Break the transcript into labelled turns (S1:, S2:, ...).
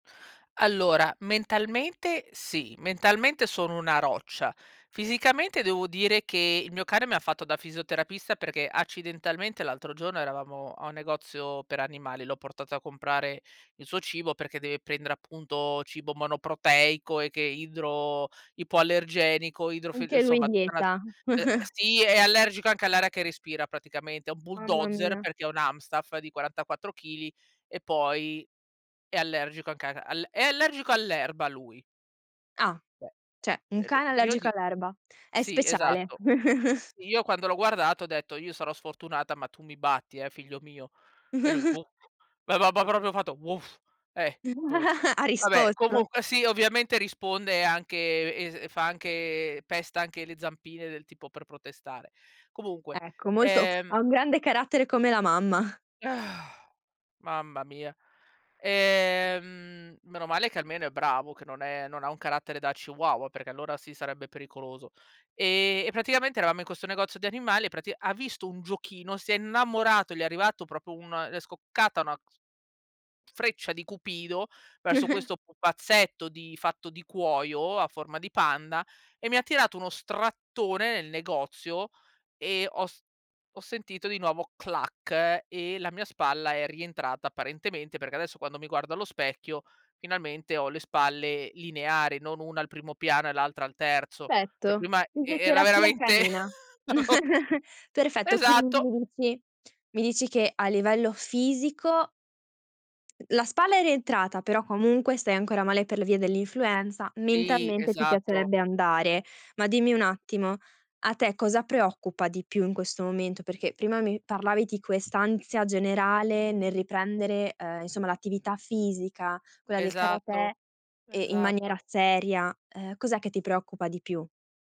S1: Allora, mentalmente sì, mentalmente sono una roccia. Fisicamente, devo dire che il mio cane mi ha fatto da fisioterapista, perché accidentalmente l'altro giorno eravamo a un negozio per animali, l'ho portato a comprare il suo cibo, perché deve prendere, appunto, cibo monoproteico e che è idro ipoallergenico idro f
S2: Anche lui
S1: insomma tutta una se
S2: dieta.
S1: ehm, sì, è allergico anche all'aria che respira praticamente, è un
S2: Mamma
S1: bulldozer
S2: mia.
S1: perché è un Amstaff di 44 chili e poi è allergico anche a ca al è allergico all'erba lui.
S2: Ah cioè, un
S1: Beh,
S2: cane
S1: [unintelligible] io
S2: allergico
S1: dic
S2: all'erba. È
S1: sì
S2: speciale..
S1: esatto. Sì, io quando l'ho guardato ho detto: "Io sarò sfortunata, ma tu mi batti, eh figlio mio". E lui: "Wo". Va ba ba proprio fatto: "Woof". Eh, "woof".
S2: Ha
S1: Vabbè
S2: risposto.
S1: comunque sì ovviamente risponde anche es fa anche pesta anche le zampine del tipo, per protestare. Comunque,
S2: Ecco, molto p
S1: ehm
S2: ha un grande carattere come la mamma.
S1: Mamma mia, ehm, meno male che almeno è bravo, che non è non ha un carattere da chihuahua, perché allora sì, sarebbe pericoloso. E e praticamente eravamo in questo negozio di animali e pratic ha visto un giochino, si è innamorato, gli è arrivato proprio un è scoccata una cs freccia di cupido verso questo pupazzetto di fatto di cuoio, a forma di panda e mi ha tirato uno strattone nel negozio e ho s ho sentito di nuovo "clac" e la mia spalla è rientrata apparentemente, perché adesso quando mi guardo allo specchio finalmente ho le spalle lineari, non una al primo piano e l'altra al terzo. Cioè
S2: Perfetto
S1: prima e e era
S2: Fisioterapia
S1: veramente
S2: canina.
S1: davo
S2: Perfetto, quindi
S1: Esatto.
S2: mi dici mi dici che a livello fisico la spalla è rientrata, però comunque stai ancora male per le vie dell'influenza,
S1: Sì,
S2: mentalmente ti
S1: esatto.
S2: piacerebbe andare. Ma dimmi un attimo: a te cosa preoccupa di più in questo momento? Perché prima mi parlavi di quest'ansia generale nel riprendere, uhm, insomma l'attività fisica, quella del karatè,
S1: Esatto,
S2: ehm, in maniera
S1: esatto.
S2: seria. Eh cos'è che ti preoccupa di più?